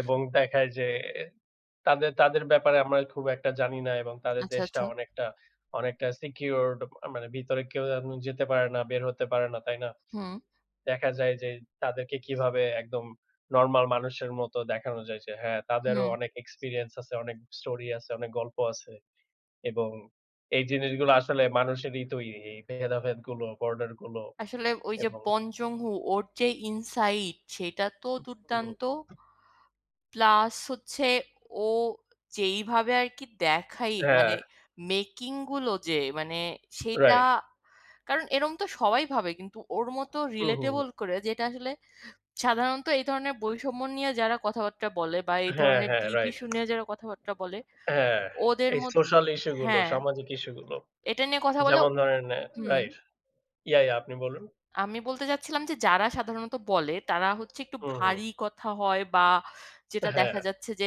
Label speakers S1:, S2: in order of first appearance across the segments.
S1: এবং দেখায় যে তাদের, তাদের ব্যাপারে আমরা খুব একটা জানি না এবং তাদের
S2: আচ্ছা,
S1: দেশটা
S2: আচ্ছা।
S1: অনেকটা, অনেকটা সিকিউরড, মানে ভিতরে কেউ যেন যেতে পারে না, বের হতে পারে না, তাই না?
S2: হুম।
S1: দেখা যায় যে, তাদেরকে কিভাবে একদম নরমাল মানুষের মতো দেখানো যায় যে, হ্যাঁ, তাদেরও
S2: হুম।
S1: অনেক, এক্সপিরিয়েন্স আছে, অনেক স্টোরি আছে, অনেক গল্প আছে এবং এই জিনিসগুলো আসলে মানুষেরই তৈরি। এই ভেদাভেদগুলো, বর্ডারগুলো
S2: আসলে ওই যে,
S1: এবং
S2: বন জংহু, ওর যে, ইনসাইড, সেটা তো
S1: হু, হু, হু।
S2: দুর্দান্ত। প্লাস হচ্ছে, ও যেইভাবে আর কি দেখায়, মানে
S1: হ্যাঁ।
S2: ম্যেকিং গুলো, যে মানে, সেইটা,
S1: রাইট।
S2: কারণ এরকম তো সবাই ভাবে, কিন্তু ওর মতো
S1: হু, হু, হু।
S2: রিলেটেবল করে, যেটা আসলে সাধারণত এই ধরনের বৈষম্য নিয়ে, যারা কথাবার্তা বলে বা এই
S1: হ্যাঁ,
S2: ধরনের
S1: হ্যাঁ,
S2: ডিপ
S1: রাইট।
S2: ইসু নিয়ে যারা কথাবার্তা বলে
S1: হ্যাঁ,
S2: ওদের
S1: এই
S2: মধ্য
S1: সোস্যাল ইসু গুলো,
S2: হ্যাঁ,
S1: সামাজিক ইসু গুলো।
S2: এটা নিয়ে কথা বলা
S1: যেমন ধরেন,
S2: হুম।
S1: রাইট। ইয়া ইয়া আপনি বলুন।
S2: আমি বলতে চাচ্ছিলাম যে, যারা সাধারণত বলে তারা হচ্ছে, একটু
S1: হুম, হুম।
S2: ভারী কথা হয় বা যেটা দেখা
S1: হ্যাঁ।
S2: যাচ্ছে যে,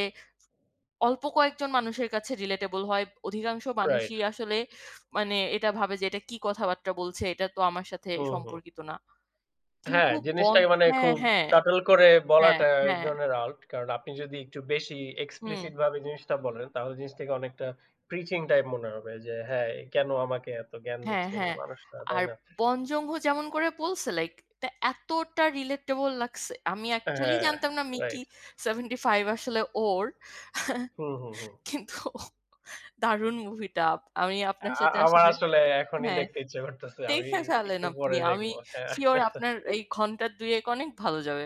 S2: অল্প কয়েকজন মানুষের কাছে রিলেটেবল হয়। অধিকাংশ
S1: রাইট।
S2: মানুষই আসলে মানে এটা ভাবে যে, এটা কি কথাবার্তা বলছে, এটা তো আমার সাথে
S1: হু, হু।
S2: সম্পর্কিত না।
S1: হ্যাঁ,
S2: কিন্তু বন
S1: জিনিসটাকে মানে
S2: হ্যাঁ,
S1: খুব
S2: হ্যাঁ।
S1: সাটল করে
S2: হ্যাঁ,
S1: বলাটা, এক
S2: হ্যাঁ।
S1: ধরনের আর্ট। কারণ আপনি যদি একটু বেশি এক্সপ্লিসিট
S2: হুম।
S1: ভাবে জিনিসটা বলেন, তাহলে জিনিসটাকে অনেকটা প্রিচিং টাইপ মনে হবে। যে হ্যাঁ, কেন আমাকে এত জ্ঞান
S2: হ্যাঁ,
S1: দিচ্ছে, এই
S2: হ্যাঁ।
S1: মানুষটা, তাই
S2: আর
S1: না?
S2: বন জংহু, যেমন করে বলছে, লাইক এটা এতটা রিলেটেবল লাগছে। আমি
S1: এ
S2: এ্যাকচুয়েলি
S1: হ্যাঁ,
S2: জানতাম না মিকি
S1: রাইট।
S2: ৭৫ আসলে ওর,
S1: হু, হু, হু।
S2: কিন্তু দারুন মুভিটা। আমি আপনার
S1: আ
S2: সাথে
S1: আমার
S2: আসলে
S1: আসলে এখনই
S2: হ্যাঁ,
S1: দেখতে ইচ্ছা করতেছে। আমি
S2: দেখে ফেলেন
S1: একটু
S2: আপনি।
S1: পরে
S2: আমি
S1: দেখবো, হ্যাঁ।
S2: সিওর আপনার এই ঘন্টা দুয়েক অনেক ভালো যাবে।